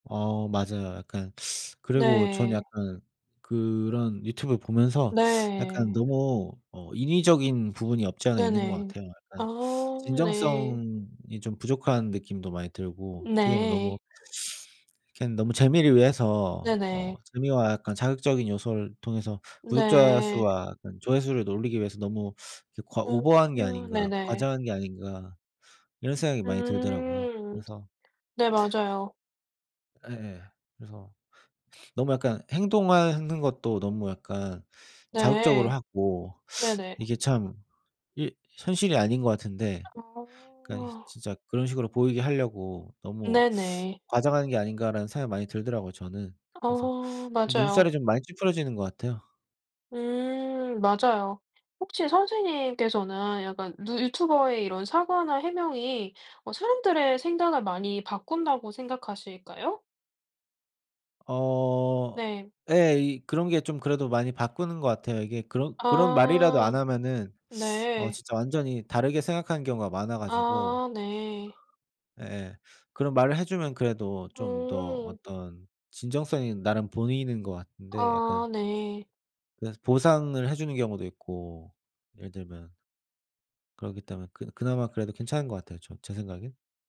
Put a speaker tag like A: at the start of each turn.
A: 어 맞아요. 약간 그리고 전
B: 네.
A: 약간 그런 유튜브 보면서 약간
B: 네.
A: 너무 어 인위적인 부분이 없지 않아 있는 것
B: 네네.
A: 같아요. 약간
B: 아 네.
A: 진정성이 좀 부족한 느낌도 많이 들고 어떻게 보면 너무
B: 네.
A: 그냥 너무 재미를 위해서 어
B: 네네.
A: 재미와 약간 자극적인 요소를 통해서 구독자
B: 네.
A: 수와 약간 조회수를 올리기 위해서 너무 이렇게 과
B: 어.
A: 오버한 게
B: 아
A: 아닌가,
B: 네네.
A: 과장한 게 아닌가 이런 생각이 많이 들더라고요.
B: 음.
A: 그래서
B: 네 맞아요.
A: 예예. 그래서 너무 약간 행동하는 것도 너무 약간 자극적으로
B: 네.
A: 하고
B: 네네.
A: 이게 참 이 현실이 아닌 것 같은데 그러니까
B: 어.
A: 진짜 그런 식으로 보이게 하려고 '너무
B: 네네.
A: 과장하는 게 아닌가.'라는 생각이 많이 들더라고요, 저는. 그래서
B: 어
A: 그
B: 맞아요.
A: 눈살이 좀 많이 찌푸려지는 것 같아요.
B: 음 맞아요. 혹시 선생님께서는 약간 누 유튜버에 이런 사과나 해명이 어 사람들의 생각을 많이 바꾼다고 생각하실까요?
A: 어.
B: 네.
A: 예 이 그런 게 좀 그래도 많이 바꾸는 것 같아요. 이게 그런 그런 말이라도
B: 아.
A: 안 하면은 어
B: 네.
A: 진짜 완전히 다르게 생각하는 경우가 많아 가지고
B: 아 네.
A: 예예. 그런 말을 해 주면 그래도 좀 더
B: 어.
A: 어떤 진정성이 나름 보이는 것 같은데, 약간
B: 아 네.
A: 그래서 보상을 해 주는 경우도 있고, 예를 들면 그러기 때문에 그나 그나마 그래도 괜찮은 것 같아요, 저 제 생각엔.